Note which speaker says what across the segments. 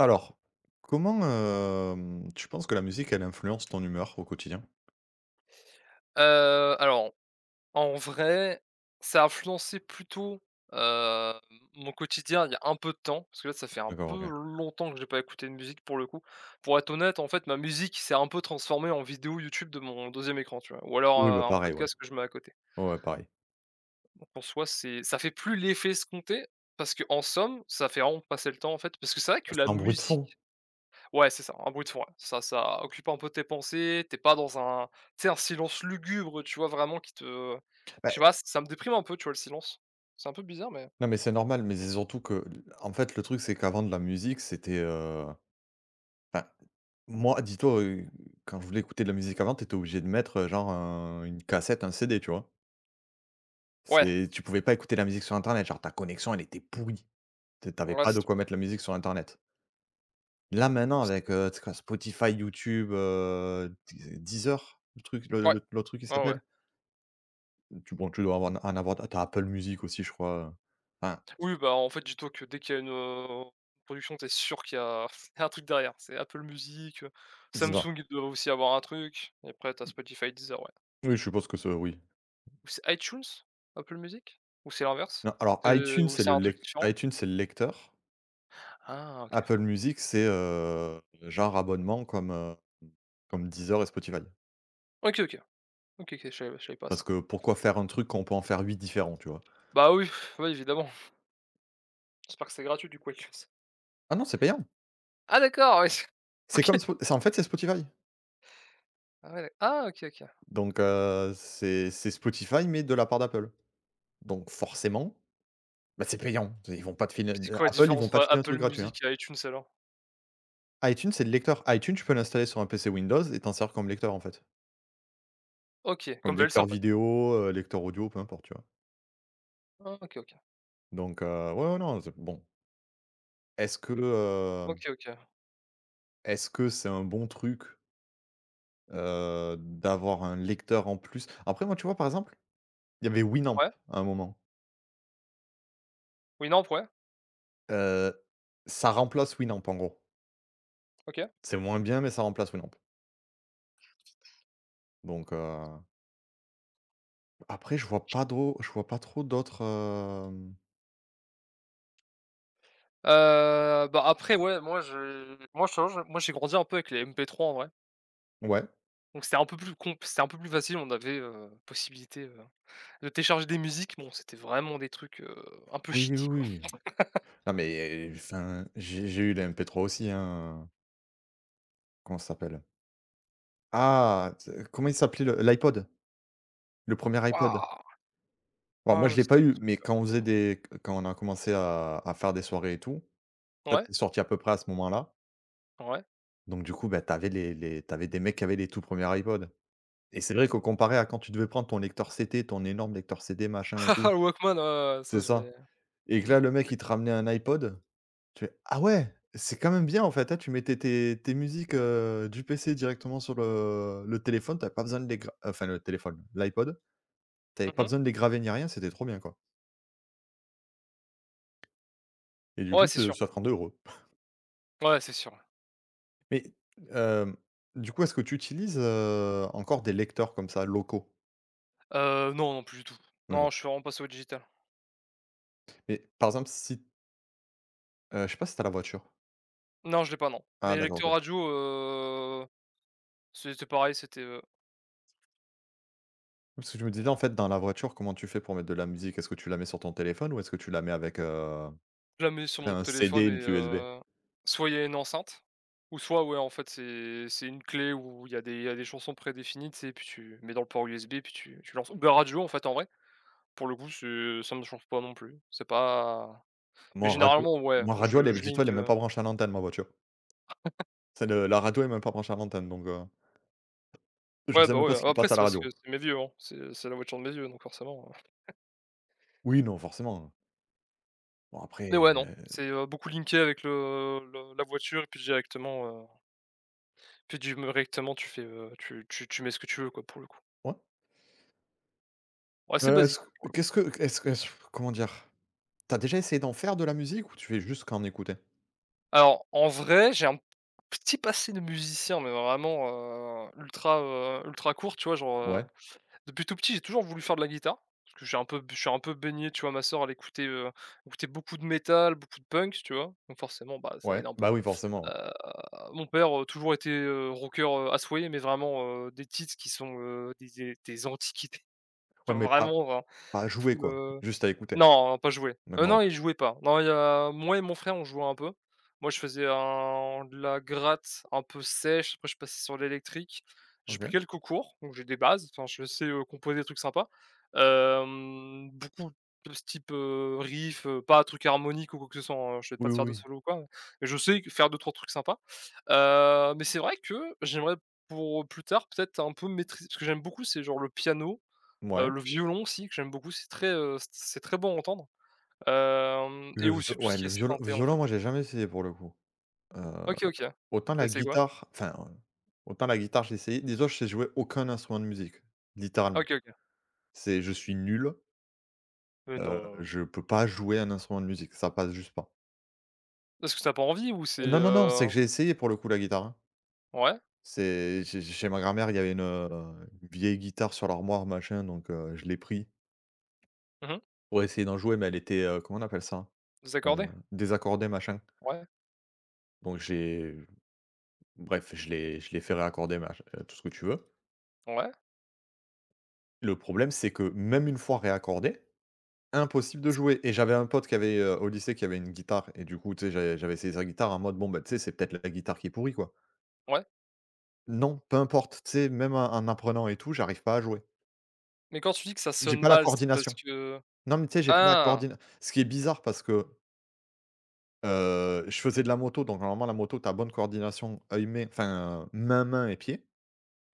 Speaker 1: Alors, comment, hem, tu penses que la musique elle influence ton humeur, au quotidien?
Speaker 2: Heu, alors, en vrai, ça a influencé plutôt, hem, mon quotidien il y a un peu de temps parce que là, ça fait un
Speaker 1: D'accord,
Speaker 2: peu
Speaker 1: OK.
Speaker 2: longtemps que j'ai pas écouté de musique, pour le coup. Pour être honnête, en fait, ma musique s'est un peu transformée en vidéo YouTube de mon 2e écran, tu vois, ou alors,
Speaker 1: Oui,
Speaker 2: heu,
Speaker 1: bah,
Speaker 2: en
Speaker 1: pareil, ouais.
Speaker 2: podcast que je mets à côté.
Speaker 1: Ouais, ouais, pareil.
Speaker 2: Bon, pour soi c'est ça fait plus l'effet escompté parce qu'en somme, ça fait vraiment passer le temps, en fait, parce que c'est vrai
Speaker 1: Oh,
Speaker 2: que la
Speaker 1: c'est un bruit de fond?
Speaker 2: musique ouais, c'est ça, en bruit de fond, ouais. Ça ça occupe un peu tes pensées, tu es pas dans un tu sais, un silence lugubre, tu vois, vraiment qui te
Speaker 1: Bah,
Speaker 2: je sais pas,
Speaker 1: heu
Speaker 2: ç ça me déprime un peu, tu vois, le silence. C'est un peu bizarre mais
Speaker 1: Non, mais c'est normal, mais c'est surtout que l en fait, le truc c'est qu'avant de la musique c'était, heu enfin, moi, dis-toi, heu, quand je voulais écouter de la musique avant, tu étais obligé de mettre, heu, genre un une cassette, un CD, tu vois?
Speaker 2: Ouais!
Speaker 1: C'est tu pouvais pas écouter la musique sur internet, genre ta connexion elle était pourrie. Tu es tu avais
Speaker 2: Alors là,
Speaker 1: pas
Speaker 2: c'est
Speaker 1: de
Speaker 2: t
Speaker 1: quoi mettre la musique sur internet. Là, maintenant, avec, heu, tu c'est quoi? Spotify, YouTube, heu, Deez Deezer? Le truc le
Speaker 2: Ouais,
Speaker 1: le l'autre truc, il
Speaker 2: ouais ouais.
Speaker 1: s'appelle? Bon, tu bon, tu dois en en avoi tu as tu as Apple musique, aussi, je crois, heu, hein?
Speaker 2: Oui, bah, en fait, dis toi que dès qu'il y a une, heu, production, tu es sûr qu'il y a s il y a un truc derrière. C'est Apple Music, heu,
Speaker 1: C'est ça
Speaker 2: Samsung ils doivent aussi avoir un truc, et après tu as Spotify, Deezer, ouais.
Speaker 1: Oui, je suppose que c'est, heu oui.
Speaker 2: Ou c'est iTunes? Apple Music? Ou c'est l'inverse?
Speaker 1: Non, alors
Speaker 2: C'est
Speaker 1: iTunes
Speaker 2: ou
Speaker 1: c'est
Speaker 2: c'est
Speaker 1: le
Speaker 2: un truc
Speaker 1: lec
Speaker 2: différent?
Speaker 1: iTunes c'est le lecteur
Speaker 2: Ah, OK.
Speaker 1: Apple Music c'est, heu, genre abonnement comme, heu, mmh, comme Deezer et Spotify.
Speaker 2: OK, OK. OK, OK je sav je savais pas
Speaker 1: Parce
Speaker 2: ça.
Speaker 1: que, pourquoi faire un truc quand on peut en faire 8 différents, tu vois?
Speaker 2: Bah, oui,, oui évidemment. J'espère que c'est gratuit du coup avec un s
Speaker 1: Ah non, c'est payant.
Speaker 2: Ah, d'accord ouais s
Speaker 1: C'est comme
Speaker 2: OK.
Speaker 1: spo c'est en fait c'est Spotify.
Speaker 2: Ah ouais da ah, OK, OK.
Speaker 1: Donc heu, c'est c'est Spotify, mais de la part d'Apple, donc forcément, bah, c'est payant. Ils vont pas te filer
Speaker 2: C'est
Speaker 1: d
Speaker 2: quoi la
Speaker 1: Apple, ils
Speaker 2: différence
Speaker 1: vont pas de
Speaker 2: entre
Speaker 1: filer un
Speaker 2: Apple
Speaker 1: truc gratuit, hein.
Speaker 2: musique et Itunes alors?
Speaker 1: Itunes, c'est le lecteur. Itunes tu peux l'installer sur un PC Windows et t'en sers comme lecteur en fait.
Speaker 2: OK,
Speaker 1: Comme
Speaker 2: comme VLC en
Speaker 1: lecteur
Speaker 2: fait.
Speaker 1: vidéo, heu, lecteur audio, peu importe, tu vois?
Speaker 2: Ah, OK, OK.
Speaker 1: Donc heu, ouais, ouais, non, c'est bon. Est-ce que, hem
Speaker 2: OK, OK.
Speaker 1: Est-ce que, c'est un bon truc heu, d'avoir un lecteur en plus après moi, tu vois? Par exemple, il y avait Winamp,
Speaker 2: Ouais.
Speaker 1: à un moment.
Speaker 2: Winamp, ouais.
Speaker 1: Heu, ça remplace Winamp, en gros.
Speaker 2: OK.
Speaker 1: C'est moins bien, mais ça remplace Winamp.
Speaker 2: [unintelligible]
Speaker 1: Donc heu Après, je vois pas do je vois pas trop d'autres, hem
Speaker 2: Heu, bah, après ouais moi je moi je t'avoue je moi j'ai grandi un peu avec les MP3, en vrai.
Speaker 1: Ouais.
Speaker 2: Donc c'était un peu plus comp puis c'était un peu plus facile, on avait, heu, possibilité, heu, de télécharger des musiques, bon, c'était vraiment des trucs, heu, un peu
Speaker 1: Oui, oui,
Speaker 2: shitty quoi.
Speaker 1: oui, oui. Non, mais enfin, j'ai j'ai eu la MP3 aussi, hein. Comment ça s'appelle? Ah, ts comment il s'appelait le l'iPod. Le 1er iPod.
Speaker 2: Waouh!
Speaker 1: Bon moi,
Speaker 2: Ah
Speaker 1: je
Speaker 2: ouais,
Speaker 1: l'ai
Speaker 2: c'est
Speaker 1: pas
Speaker 2: des
Speaker 1: eu,
Speaker 2: trucs
Speaker 1: mais quand on
Speaker 2: heu.
Speaker 1: faisait des qu quand on a commencé à à faire des soirées et tout, en fait,
Speaker 2: Ouais.
Speaker 1: c'est sorti à peu près à ce moment-là.
Speaker 2: Ouais.
Speaker 1: Donc du coup, ben, tu avais les les tu avais des mecs qui avaient les tout 1ers iPod, et c'est vrai que comparé à quand tu devais prendre ton lecteur CT ton énorme lecteur CD machin et tout
Speaker 2: Walkman, ouais, ouais, ouais,
Speaker 1: c'est
Speaker 2: ça, je l'ai,.
Speaker 1: ça, et que là, le mec, il te
Speaker 2: [unintelligible]
Speaker 1: ramenait un iPod. Tu fais: «Ah ouais! C'est quand même bien, en fait», hein, tu mettais tes tes musiques, heu, du PC directement sur le le téléphone. Tu avais pas besoin de les gra heu, enfin le téléphone, l'iPod, tu avais
Speaker 2: Mmh
Speaker 1: pas
Speaker 2: mh.
Speaker 1: besoin de les graver ni rien, c'était trop bien, quoi. Et du
Speaker 2: Ouais,
Speaker 1: coup,
Speaker 2: c'est
Speaker 1: ce
Speaker 2: sûr.
Speaker 1: ça te rendait heureux.
Speaker 2: Ouais, c'est sûr, ouais.
Speaker 1: Mais hem, du coup, est-ce que t'utilises, heu, encore des lecteurs comme ça, locaux?
Speaker 2: Heu, non, non, plus du tout. Non,
Speaker 1: D'accord.
Speaker 2: je suis vraiment passé au digital.
Speaker 1: Et par exemple si heu, je sais pas, si tu as la voiture?
Speaker 2: Non, je l'ai pas, non,
Speaker 1: Ah
Speaker 2: mais
Speaker 1: d'accord, OK.
Speaker 2: lecteur radio, heu, c'est c'est pareil c'était, heu
Speaker 1: Oui, parce que je me disais, en fait, dans la voiture, comment tu fais pour mettre de la musique? Est-ce que tu la mets sur ton téléphone? Ou est-ce que tu la mets avec, heu,
Speaker 2: Je la mets sur
Speaker 1: tu
Speaker 2: mon
Speaker 1: as un CD,
Speaker 2: téléphone
Speaker 1: une
Speaker 2: et
Speaker 1: clef USB?
Speaker 2: heu, soit il y a une enceinte ou soit, ouais, en fait, c'est c'est une clé où il y a des il y a des chansons prédéfinies tu sais? Et puis, tu mets dans le port USB et puis tu tu lances beh, radio, en fait, en vrai. Pour le coup, c'est ça ne change pas non plus. C'est pas mais
Speaker 1: Moi, radio,
Speaker 2: généralement, ouais,
Speaker 1: moi, radio, elle
Speaker 2: je
Speaker 1: est b
Speaker 2: je
Speaker 1: dis toi,
Speaker 2: link,
Speaker 1: elle est même
Speaker 2: heu
Speaker 1: pas branchée à l'antenne ma voiture. Tu sais? Le la radio est même pas branchée à l'antenne, donc heu. Je ne
Speaker 2: Ouais,
Speaker 1: sais
Speaker 2: bah
Speaker 1: même pas
Speaker 2: ouais,
Speaker 1: ce qui
Speaker 2: après,
Speaker 1: passe à
Speaker 2: c'est
Speaker 1: la
Speaker 2: parce que
Speaker 1: radio.
Speaker 2: c'est mes vieux, hein, c'est c'est la voiture de mes vieux donc forcément.
Speaker 1: Oui, non, forcément. Bon
Speaker 2: Mais
Speaker 1: après
Speaker 2: ouais, non, c'est, heu, beaucoup linké avec le le la voiture et puis, directement heu tu div me rectement tu fais, heu, tu tu tu mets ce que tu veux, quoi, pour le coup.
Speaker 1: Ouais.
Speaker 2: Oh, assez
Speaker 1: Heu, est-ce
Speaker 2: basique,
Speaker 1: q
Speaker 2: ouais, pour le coup.
Speaker 1: qu'est-ce que qu'est-ce est-ce, comment dire? Tu as déjà essayé d'en faire de la musique ou tu fais juste qu'en écouter?
Speaker 2: Alors, en vrai, j'ai un pt petit passé de musicien mais vraiment, heu, ultra, heu, ultra court, tu vois? Genre, heu,
Speaker 1: Ouais.
Speaker 2: depuis tout petit, j'ai toujours voulu faire de la guitare parce que j'ai un peu b j'ai un peu baigné, tu vois? Ma sœur, elle écoutait écoutait beaucoup de métal, beaucoup de punk, tu vois? Donc forcément bah, ça
Speaker 1: Ouais,
Speaker 2: aide un peu.
Speaker 1: bah oui, forcément, ouais.
Speaker 2: Heu, mon père, heu, toujours été, heu, rockeur, heu, assoyé mais vraiment, heu, des titres qui sont, heu, des é des antiquités,
Speaker 1: Ouais
Speaker 2: enfin
Speaker 1: mais pas
Speaker 2: vraiment vin
Speaker 1: pas à jouer
Speaker 2: fou
Speaker 1: quoi.
Speaker 2: le
Speaker 1: Juste à écouter.
Speaker 2: non pas joué. Heu,
Speaker 1: D'accord,
Speaker 2: non,
Speaker 1: OK.
Speaker 2: il jouait pas, non, il y a moi et mon frère, on jouait un peu. Moi, je faisais un de la gratte un peu sèche, après je suis passais sur l'électrique. J'ai pris
Speaker 1: OK.
Speaker 2: quelques cours donc j'ai des bases enfin je sais, heu, composer des trucs sympa, hem, beaucoup de ce type, heu, riff, heu, pas truc harmonique ou quoi que ce soit, hein, heu, je vais pas
Speaker 1: Oui,
Speaker 2: te
Speaker 1: oui,
Speaker 2: faire de
Speaker 1: oui.
Speaker 2: solo ou quoi, heu, mais je sais que faire 2-3 trucs sympas. Heu, mais c'est vrai que j'aimerais pour plus tard peut-être un peu maîtriser parce que j'aime beaucoup, c'est genre le piano, heu,
Speaker 1: Mouais.
Speaker 2: le violon aussi que j'aime beaucoup c'est très, heu, s t c'est très bon à entendre, hem, et
Speaker 1: Le vio
Speaker 2: aussi tout ce
Speaker 1: ouais,
Speaker 2: qui
Speaker 1: le
Speaker 2: est
Speaker 1: violo
Speaker 2: synthé, en
Speaker 1: violon,
Speaker 2: fait.
Speaker 1: moi, j'ai jamais essayé pour le coup. Heu,
Speaker 2: OK, OK, tu
Speaker 1: autant
Speaker 2: as
Speaker 1: la
Speaker 2: essayé quoi?
Speaker 1: guitare enfin, heu, autant la guitare, j'ai essayé, dis-toi, je sais jouer aucun instrument de musique,
Speaker 2: Ah
Speaker 1: littéralement.
Speaker 2: OK, OK.
Speaker 1: C'est je suis nul.
Speaker 2: Mais
Speaker 1: Heu,
Speaker 2: non.
Speaker 1: je peux pas jouer un instrument de musique, ça passe juste pas.
Speaker 2: Parce que tu as pas envie ou c'est,
Speaker 1: Heu, non, non, non, c'est
Speaker 2: heu?
Speaker 1: que j'ai essayé, pour le coup, la guitare, hein.
Speaker 2: Ouais.
Speaker 1: C'est c'est ch chez ma grand-mère, il y a une, heu, vieille guitare sur l'armoire, machin, donc, heu, je l'ai pris.
Speaker 2: Mmh mh.
Speaker 1: Pour essayer d'en jouer, mais elle était, heu, comment on appelle ça? Heu,
Speaker 2: Désaccordée?
Speaker 1: désaccordée, machin.
Speaker 2: Ouais.
Speaker 1: Bon, j'ai bref, je l'ai je l'ai fait réaccorder, mach heu, tout ce que tu veux.
Speaker 2: Ouais.
Speaker 1: Le problème, c'est que même une fois réaccordée, impossible de jouer! Et j'avais un pote qui avait, heu au lycée, qui avait une guitare et du coup, tu sais, j'avais j'avais essayé sa guitare en mode, bon bah, tu sais, c'est peut-être le la guitare qui est pourrie, quoi.
Speaker 2: Ouais.
Speaker 1: Non, peu importe. Tu sais, même en apprenant et tout, j'arrive pas à jouer.
Speaker 2: Mais quand tu dis que ça
Speaker 1: J'ai
Speaker 2: sonne
Speaker 1: pas la
Speaker 2: mal, c'est parce
Speaker 1: coordination.
Speaker 2: que, heu,
Speaker 1: Non, mais tu sais, j'ai pas la
Speaker 2: ah!
Speaker 1: coordina ce qui est bizarre parce que heu, je faisais de la moto, donc normalement la moto, tu as bonne coordination, œil-main enfin, main, main et pied.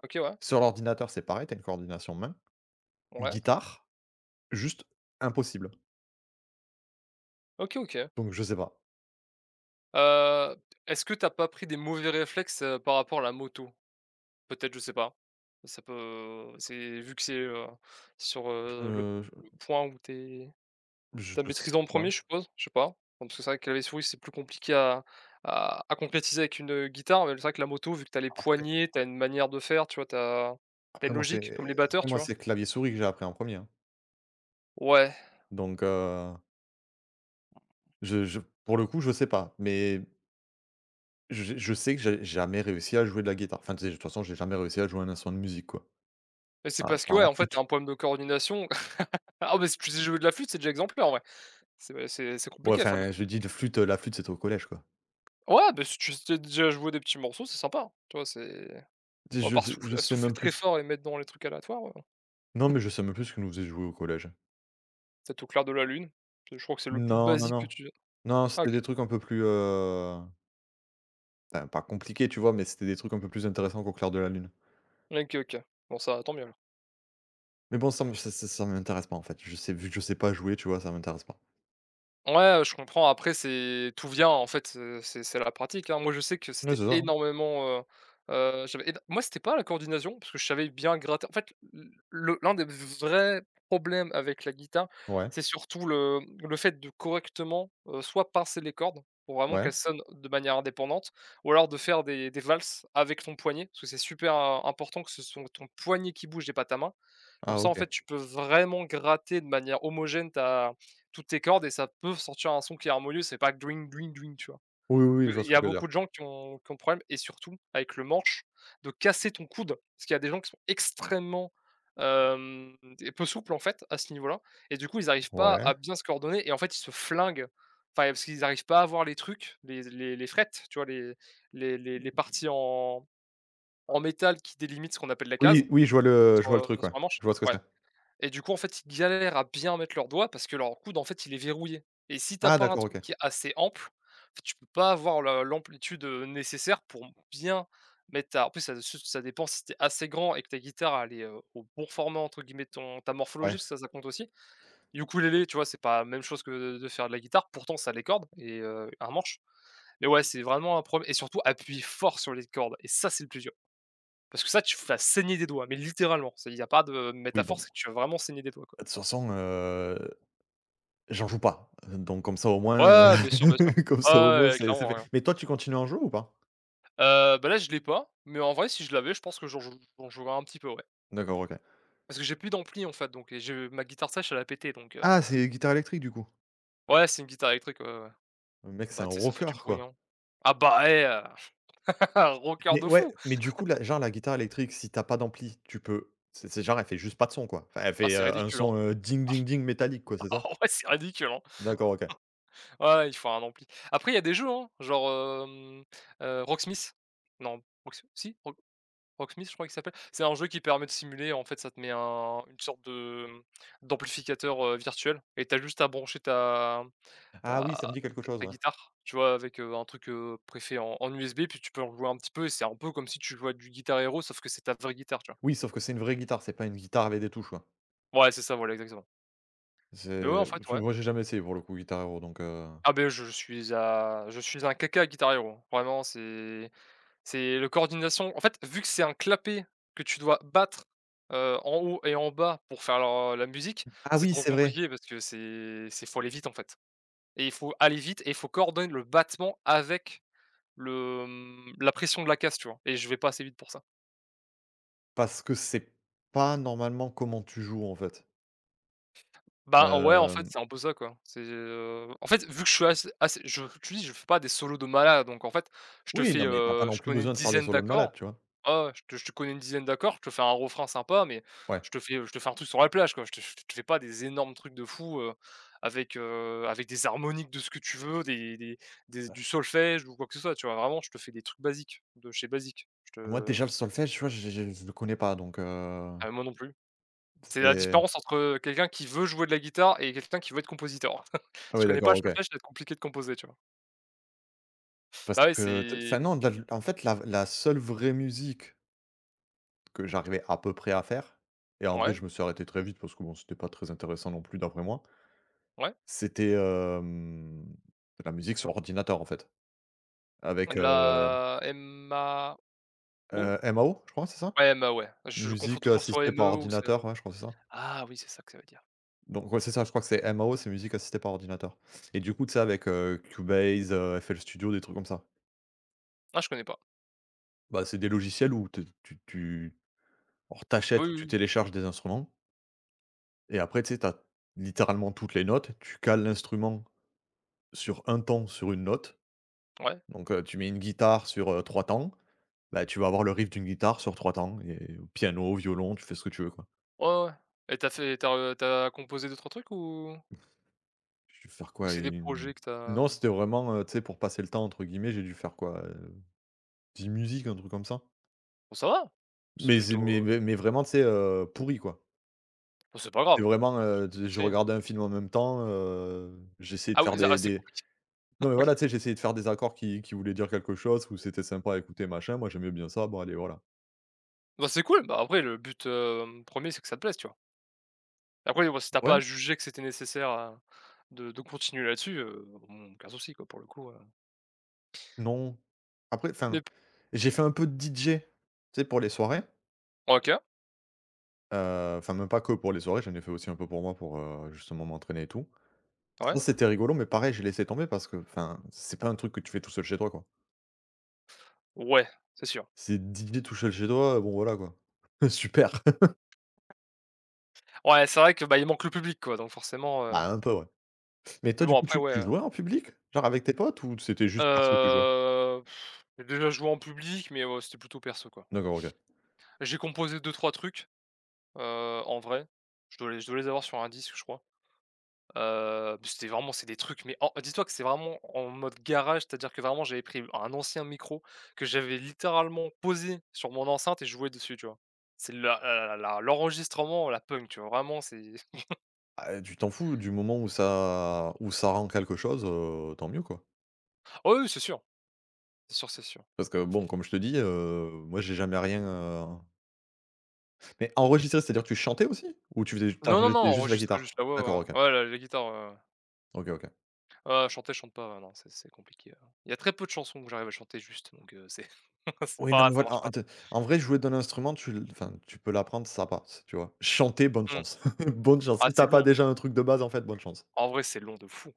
Speaker 2: OK, ouais.
Speaker 1: Sur l'ordinateur, c'est pareil, tu as une coordination mains. Une
Speaker 2: Ouais.
Speaker 1: guitare, juste impossible.
Speaker 2: OK, OK.
Speaker 1: Donc je sais pas.
Speaker 2: Heu, est-ce que tu as pas pris des mauvais réflexes, heu, par rapport à la moto? Peut-être, je sais pas? Ça peut, heu, c'est vu que c'est heu, sur, heu, le p le
Speaker 1: [unintelligible]
Speaker 2: point où tu es
Speaker 1: Je,
Speaker 2: tu as
Speaker 1: heu, sais
Speaker 2: maîtrisé en 1er,
Speaker 1: pas.
Speaker 2: je suppose? Je sais pas, parce que c'est vrai que clavier souris, c'est plus compliqué à à à concrétiser avec une, heu, guitare, mais c'est vrai que la moto, vu que tu as les
Speaker 1: Après
Speaker 2: poignées, tu as une manière de faire, tu vois, tu as tu as
Speaker 1: après,
Speaker 2: une
Speaker 1: moi,
Speaker 2: logique comme les
Speaker 1: c'est
Speaker 2: batteurs,
Speaker 1: après
Speaker 2: tu
Speaker 1: moi,
Speaker 2: vois?
Speaker 1: c'est clavier souris que j'ai appris en 1er, hein.
Speaker 2: Ouais.
Speaker 1: Donc heu Je je pour le coup, je sais pas, mais j je sais que j'ai jamais réussi à jouer de la guitare. Enfin, tu sais, de toute façon, j'ai jamais réussi à jouer un instrument de musique, quoi.
Speaker 2: Beh, c'est
Speaker 1: À
Speaker 2: parce que
Speaker 1: part
Speaker 2: ouais,
Speaker 1: la
Speaker 2: en fait tu as
Speaker 1: flûte.
Speaker 2: un problème de coordination. Ah, mais si tu sais jouer de la flûte, c'est déjà exemplaire, en vrai, c'est c'est c'est
Speaker 1: Ouais
Speaker 2: compliqué à faire de la
Speaker 1: enfin je
Speaker 2: flûte.
Speaker 1: dis de flûte, heu, la flûte c'était au collège, quoi.
Speaker 2: Ouais, bah si tu sais déjà jouer des petits morceaux, c'est sympa hein. Tu vois, c'est
Speaker 1: Tu sais,
Speaker 2: bon à
Speaker 1: je
Speaker 2: part souf
Speaker 1: je sais
Speaker 2: souffler
Speaker 1: même
Speaker 2: très
Speaker 1: plus.
Speaker 2: fort et mettre dans les trucs aléatoires, heu
Speaker 1: Non, mais je sais même plus ce qu'ils nous faisaient jouer au collège.
Speaker 2: Peut-être au clair de la lune. Je crois que c'est le plus
Speaker 1: Non, non,
Speaker 2: basique que
Speaker 1: non.
Speaker 2: tu
Speaker 1: Non,
Speaker 2: ah
Speaker 1: c'était
Speaker 2: OK.
Speaker 1: des trucs un peu plus heu enfin pas compliqué, tu vois? Mais c'était des trucs un peu plus intéressants qu'Au clair de la lune.
Speaker 2: OK, OK. Bon ça va, tant mieux alors.
Speaker 1: Mais bon ça me ça ça ça m'intéresse pas, en fait. Je sais vu que je sais pas jouer, tu vois? Ça m'intéresse pas.
Speaker 2: Ouais, heu, je comprends après c'est tout vient, en fait, heu, c'est c'est la pratique, hein! Moi je sais que
Speaker 1: Ouais,
Speaker 2: c'était
Speaker 1: c'est ça, hein!
Speaker 2: énormément, heu heu, j'avais éno moi c'était pas la coordination. Parce que je savais bien gratter en fait l le l'un des v vrais problèmes avec la guitare,
Speaker 1: Ouais.
Speaker 2: c'est surtout le mmh, le fait de correctement, heu, soit pincer les cordes- pour vraiment
Speaker 1: Ouais.
Speaker 2: qu'elles sonnent de manière indépendante- ou alors de faire des des valses avec ton poignet parce que c'est super im important que ce sont ton poignet qui bouge et pas ta main. Comme
Speaker 1: Ah
Speaker 2: ça en fait
Speaker 1: ok.
Speaker 2: tu peux vraiment gratter de manière homogène ta toutes tes cordes et ça peut sortir un son qui est harmonieux. C'est pas que dring dring dring, tu vois?
Speaker 1: Oui, oui,
Speaker 2: Que
Speaker 1: je vois
Speaker 2: il
Speaker 1: ce
Speaker 2: y
Speaker 1: que
Speaker 2: a
Speaker 1: tu veux dire.
Speaker 2: beaucoup de gens qui ont qui ont le problème, et surtout avec le manche de casser ton coude. Parce qu'il y a des gens qui sont extrêmement mmh et peu souple en fait à ce niveau-là, et du coup ils arrivent pas
Speaker 1: Ouais?
Speaker 2: à bien se coordonner et en fait ils se flinguent. Enfin, parce qu'il arrive pas à voir les trucs, les z les les frettes. Tu vois les les les les
Speaker 1: [unintelligible]
Speaker 2: parties en en métal qui délimitent ce qu'on appelle la case
Speaker 1: Oui, oui, je vois le je
Speaker 2: heu
Speaker 1: vois le
Speaker 2: en
Speaker 1: truc,
Speaker 2: ce
Speaker 1: ouais.
Speaker 2: moment, ch
Speaker 1: Je vois ce que
Speaker 2: ouais,
Speaker 1: c'est.
Speaker 2: et du coup en fait ils galèrent à bien mettre leurs doigts, parce que leur coude en fait il est verrouillé et si tu as
Speaker 1: Ah
Speaker 2: pas un
Speaker 1: d'accord,
Speaker 2: truc
Speaker 1: OK.
Speaker 2: qui est assez ample, en fait tu peux pas avoir le l'amplitude, heu, nécessaire pour bien mettre ta En plus, heu, s s ça dépend si tu es assez grand et que ta guitare elle est, heu, «Au bon format» entre guillemets de ton ta morphologie,
Speaker 1: Ouais.
Speaker 2: parce que ça, ça compte aussi. Le ukulélé, tu vois? C'est pas même chose que de faire de la guitare. Pourtant ça a les cordes et heu, un manche. Mais ouais, c'est vraiment un prob et surtout appuyer fort sur les cordes et ça c'est le plus dur. Parce que ça, tu f vas saigner des doigts, mais littéralement. C'est il y a pas de
Speaker 1: Oui,
Speaker 2: métaphore,
Speaker 1: bon
Speaker 2: c'est que tu vas vraiment saigner des doigts, quoi.
Speaker 1: Bah de toute façon, heu j'en joue pas. Donc comme ça au moins,
Speaker 2: Ouais, ouais,
Speaker 1: heu,
Speaker 2: ouais, bien sûr, bien sûr.
Speaker 1: comme
Speaker 2: Ouais,
Speaker 1: ça au moins
Speaker 2: ouais, ouais,
Speaker 1: c'est c'est
Speaker 2: clairement,
Speaker 1: fait.
Speaker 2: ouais.
Speaker 1: Mais toi tu continues à en jouer ou pas?
Speaker 2: Heu, bah, là je l'ai pas. Mais en vrai si je l'avais, je pense que j'en jou j'en jouerais un petit peu, ouais.
Speaker 1: D'accord, OK.
Speaker 2: Parce que j'ai plus d'ampli en fait donc et je ma guitare sèche elle a pété donc heu
Speaker 1: Ah, c'est les guitares électriques, du coup?
Speaker 2: Ouais c'est une guitare électrique, ouais, ouais, ouais.
Speaker 1: Le mec, c'est un
Speaker 2: Bah tu sais, ça fait du
Speaker 1: rockeur,
Speaker 2: bruit,
Speaker 1: quoi!
Speaker 2: hein. Ah bah, hé heu, Rockeur
Speaker 1: Mais
Speaker 2: de
Speaker 1: ouais.
Speaker 2: fou!
Speaker 1: Mais du coup, la genre, la guitare électrique, si tu as pas d'ampli, tu peux c'est c'est genre, elle fait juste pas de son, quoi? Enfin elle
Speaker 2: Ah
Speaker 1: fait,
Speaker 2: c'est
Speaker 1: heu, un
Speaker 2: ridicule, hein.
Speaker 1: son, heu, ding ding ding métallique, quoi, c'est ça?
Speaker 2: Ah ouais, c'est ridicule, hein!
Speaker 1: D'accord, OK.
Speaker 2: Ouais, ouais il faut un ampli. Après il y a des jeux hein, genre hem, heu, Rocksmith. Non: Rox si? Roc Rocksmith, je crois il s'appelle. C'est un jeu qui permet de simuler en fait, ça te met un une sorte de hem, d'amplificateur, heu, virtuel et tu as juste à brancher ta m
Speaker 1: Ah oui,
Speaker 2: ta
Speaker 1: ça me dit quelque chose,
Speaker 2: ta
Speaker 1: ouais.
Speaker 2: guitare, tu vois? Avec un truc, heu, pré-fait en en USB. Puis tu peux rejouer un petit peu et c'est un peu comme si tu jouais à du Guitar Hero sauf que c'est ta vraie guitare, tu vois?
Speaker 1: Oui, sauf que c'est une vraie guitare, c'est pas une guitare avec des touches, ouais.
Speaker 2: Ouais, c'est ça, voilà, exactement. Beh, ouais, en
Speaker 1: C'est, b
Speaker 2: fait, ouais.
Speaker 1: moi j'ai jamais essayé pour le coup Guitar Hero donc, heu
Speaker 2: Ah, beh, je suis à je suis un caca à Guitar Hero, vraiment c'est c'est le coordination, en fait, vu que c'est un clapet que tu dois battre, heu, en haut et en bas pour faire leur heu, la musique.
Speaker 1: Ah,
Speaker 2: C'est
Speaker 1: oui,
Speaker 2: trop
Speaker 1: c'est vrai!
Speaker 2: compliqué parce que c'est c'est faut aller vite en fait et il faut aller vite et il faut coordonner le battement avec le, hem, la pression de la caisse, tu vois? Et je vais pas assez vite pour ça.
Speaker 1: Parce que c'est pas normalement comment tu joues, en fait.
Speaker 2: Bah, en ouais, en fait,
Speaker 1: Hem
Speaker 2: c'est un peu ça, quoi. C'est, heu, en fait vu que je suis ass assez je f tu dis je fais pas des solos de malade. Donc, en fait, je te
Speaker 1: Oui,
Speaker 2: fais,
Speaker 1: non mais tu as pas
Speaker 2: heu
Speaker 1: non
Speaker 2: je
Speaker 1: plus
Speaker 2: connais une
Speaker 1: besoin de faire des
Speaker 2: dizaine
Speaker 1: solos de malades,
Speaker 2: d'accords.
Speaker 1: tu vois?
Speaker 2: Ouais, ouais je te je te connais une dizaine d'accords. Je te fais un refrain sympa mais
Speaker 1: Ouais.
Speaker 2: je te fais, heu, je te fais un truc sur la plage, quoi. Je te f je te fais pas des énormes trucs de fou, heu, avec, heu, avec des harmoniques de ce que tu veux, des des des z du
Speaker 1: Ouais
Speaker 2: solfège ou quoi que ce soit, tu vois? Vraiment je te fais des trucs basiques de chez basiques, je
Speaker 1: Moi
Speaker 2: te
Speaker 1: déjà le solfège tu vois j j'ai je le connais pas donc, heu
Speaker 2: Ah mais moi non plus. C'est la
Speaker 1: C'est
Speaker 2: différence entre quelqu'un qui veut jouer de la guitare et quelqu'un qui veut être compositeur.
Speaker 1: Ah,
Speaker 2: Si tu
Speaker 1: ouais
Speaker 2: connais pas
Speaker 1: d'accord,
Speaker 2: le
Speaker 1: OK.
Speaker 2: solfège, ça va être compliqué de composer, tu vois?
Speaker 1: Parce
Speaker 2: Bah, ouais,
Speaker 1: que te enfin
Speaker 2: c'est
Speaker 1: non de la l en fait la v la seule vraie musique que j'arrivais à peu près à faire et en gros
Speaker 2: Ouais.
Speaker 1: je me suis arrêté très vite, parce que bon c'était pas très intéressant non plus d'après moi
Speaker 2: Ouais.
Speaker 1: c'était hem, de la musique sur ordinateur en fait.
Speaker 2: De
Speaker 1: Avec heu
Speaker 2: la M A O?
Speaker 1: Heu, MAO, je crois c'est ça?
Speaker 2: Ouais, MAO ouais. Je je confonds
Speaker 1: Musique
Speaker 2: toujours soit
Speaker 1: Assistée Par
Speaker 2: MEO ou
Speaker 1: Ordinateur,
Speaker 2: CMO.
Speaker 1: ouais, je crois c'est ça.
Speaker 2: Ah, oui, c'est ça que ça veut dire.
Speaker 1: Donc ouais, c'est ça, je crois que c'est MAO c'est Musique Assistée Par Ordinateur. Et du coup, tu sais, avec, heu, Cubase, heu, FL Studio, des trucs comme ça.
Speaker 2: Ah, je connais pas.
Speaker 1: Bah, c'est des logiciels où t tu tu alors tu
Speaker 2: Oui,
Speaker 1: achètes ou
Speaker 2: oui,
Speaker 1: tu
Speaker 2: oui.
Speaker 1: télécharges des instruments. Et après tu sais, tu as littéralement toutes les notes, tu cales l'instrument sur 1 ton sur 1 note.
Speaker 2: Ouais.
Speaker 1: Donc heu, tu mets une guitare sur, heu, 3 temps bah, tu vas avoir le riff d'une guitare sur 3 temps et piano violon, tu fais ce que tu veux, quoi.
Speaker 2: Ouais, ouais, ouais. Et tu as fait tu as, heu, tu as composé 2-3 trucs ou?
Speaker 1: J'ai du faire
Speaker 2: ou
Speaker 1: quoi
Speaker 2: c'est des
Speaker 1: une
Speaker 2: projets que tu
Speaker 1: Non
Speaker 2: as?
Speaker 1: c'était vraiment, heu, tu sais «pour passer le temps» entre guillemets j'ai dû faire quoi, heu, 10 musiques un truc comme ça.
Speaker 2: Oh, ça va! C'est
Speaker 1: Mais c'est mais,
Speaker 2: plutôt, heu
Speaker 1: mais, mais vraiment tu sais, heu, pourri, quoi.
Speaker 2: Bah, c'est pas
Speaker 1: C'est
Speaker 2: grave,
Speaker 1: vraiment, heu,
Speaker 2: [unintelligible]
Speaker 1: d
Speaker 2: tu
Speaker 1: je
Speaker 2: sais heu
Speaker 1: regardais un film en même temps, heu, j'essayais de
Speaker 2: Ah,
Speaker 1: faire
Speaker 2: oui za ah
Speaker 1: des
Speaker 2: c'est
Speaker 1: des
Speaker 2: compliqué.
Speaker 1: non, mais
Speaker 2: Oui.
Speaker 1: voilà. Tu sais, j'essayais de faire des accords qui qui voulaient dire quelque chose ou c'était sympa à écouter, machin. Moi j'aimais bien ça, bon, allez, voilà.
Speaker 2: Bah, c'est cool, bah après le but, hem, 1er c'est que ça te plaise, tu vois? Après, oui, bah, si tu as
Speaker 1: Ouais.
Speaker 2: pas à juger que c'était nécessaire, heu, de de continuer là-dessus, heu, bon aucun souci, quoi, pour le coup, heu
Speaker 1: Non. Après enfin,
Speaker 2: Dep
Speaker 1: j'ai fait un peu de DJ. Tu sais, pour les soirées.
Speaker 2: OK.
Speaker 1: Heu enfin même pas que pour les soirées, j'en ai fait aussi un peu pour moi pour, heu, justement m'entraîner et tout.
Speaker 2: Ouais.
Speaker 1: Sinon c'était rigolo mais pareil, j'ai laissé tomber parce qu'enfin c'est pas un truc que tu fais tout seul chez toi, quoi.
Speaker 2: Ouais, c'est sûr.
Speaker 1: C'est DJ tout seul chez toi, heu, bon voilà quoi. Heu, super.
Speaker 2: Ouais, c'est vrai que, bah, il manque le public quoi, donc forcément, heu
Speaker 1: Bah, un peu ouais. Mais
Speaker 2: Mais
Speaker 1: toi du
Speaker 2: bon
Speaker 1: coup
Speaker 2: après,
Speaker 1: tu
Speaker 2: ouais,
Speaker 1: tu
Speaker 2: heu
Speaker 1: jouais en public? Genre avec tes potes ou t c'était juste perso, tu jouais?
Speaker 2: Heu. J'ai déjà joué en public, mais, ouais c'était plutôt perso, quoi.
Speaker 1: D'accord, OK.
Speaker 2: J'ai composé 2-3 trucs, heu, en vrai, je dois les je dois les avoir sur un disque je crois, heu, p c'était vraiment c'est des trucs mais oh, dis-toi que c'est vraiment en mode garage. C'est-à-dire que vraiment j'avais pris v un ancien micro que j'avais littéralement posé sur mon enceinte et je jouais dessus, tu vois? C'est la la la la la l'enregistrement à la punk, tu vois? Vraiment c'est
Speaker 1: Ah, heu, tu t'en fous du moment où ça où ça rend quelque chose, heu tant mieux, quoi.
Speaker 2: Oui, oui c'est sûr. C'est sûr, c'est sûr.
Speaker 1: Parce que bon, comme je te dis, heu, moi, j'ai jamais rien, heu, en Mais enregistré, c'est-à-dire tu chantais aussi? Ou tu faisais j
Speaker 2: Non, non, non,
Speaker 1: t'enregistrais juste la
Speaker 2: enregistré juste
Speaker 1: guitare?
Speaker 2: la
Speaker 1: D'accord,
Speaker 2: voix,
Speaker 1: OK.
Speaker 2: heu, ouais la la guitare, ouais, ouais, ouais.
Speaker 1: OK, OK.
Speaker 2: Heu, chanter, je chante pas, heu, non, c'est c'est compliqué, ouais. Il y a très peu de chansons où j'arrive à chanter juste, donc heu c'est c'est
Speaker 1: Oui, non,
Speaker 2: pas
Speaker 1: mais
Speaker 2: ça
Speaker 1: voi l
Speaker 2: marche
Speaker 1: en
Speaker 2: pas.
Speaker 1: heu, t en vrai jouer d'un instrument, tu l enfin tu peux l'apprendre, ça passe, tu vois? Chanter bonne
Speaker 2: Mmh.
Speaker 1: chance bonne chance.
Speaker 2: Ah,
Speaker 1: Si tu
Speaker 2: c'est
Speaker 1: as pas
Speaker 2: long.
Speaker 1: déjà un truc de base, en fait, bonne chance.
Speaker 2: En vrai, c'est long de fou.